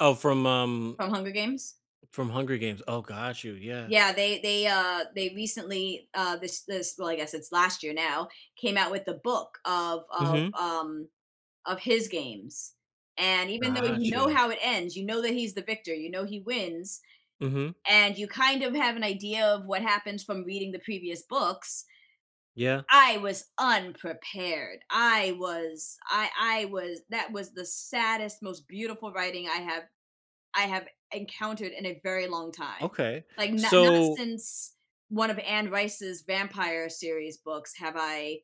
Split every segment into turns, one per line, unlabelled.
Oh, from, um
From Hunger Games?
from Hunger Games oh, got you, yeah.
Yeah, they they, uh they recently, uh this this well, I guess it's last year, now, came out with a book of of,
Mhm.
um of his games. And, even though you know
Gotcha.
how it ends, you know that he's the victor, you know he wins.
Mhm.
And you, kind of have an idea of what happens from reading the previous books
Yeah.
I was unprepared, I was I I was that was the saddest, most beautiful writing I have I have encountered in a very long time,
Okay,
like, not not
so
since one of Anne Rice's vampire series books have I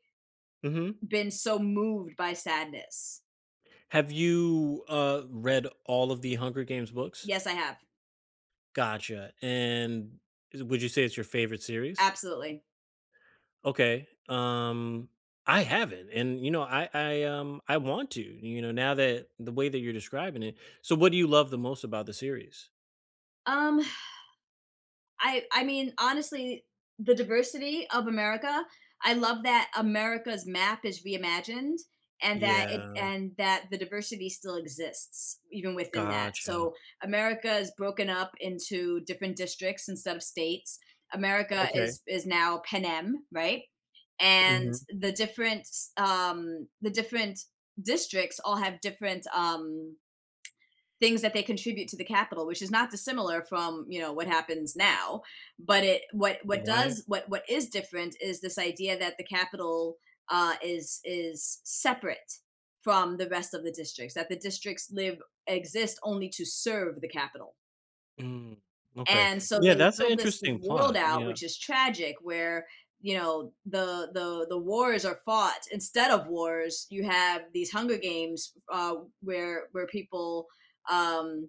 Mhm.
been so moved by sadness.
Have you, uh, read all of the Hunger Games books?
Yes, I have.
Gotcha, and is it would you say it's your favorite series?
Absolutely.
Okay, um, I haven't, and, you know, I I, um, I want to, you know, now that the way that you're describing it so, what do you love the most about the series?
Um, I I mean, honestly, the diversity of America, I love that America's map is reimagined, and that it
Yeah.
and that the diversity still exists, even within that,
Gotcha.
so America's broken up into different districts and sub-states, America
Okay.
is is now Panem, right? And,
Mhm.
the different, s um, the different districts all have different, um things that they contribute to the capital, which is not dissimilar from, you know, what happens now, but it what what
Right.
does what what is different is this idea that the capital, uh, is is separate from the rest of the districts, that the districts live exist only to serve the capital.
Mm, okay,
And so,
yeah,
they
that's an
built this this
interesting
world
plot,
out-
yeah.
which is tragic- where, you know, the the the wars are fought instead of wars, you have these Hunger Games, uh, where where people, um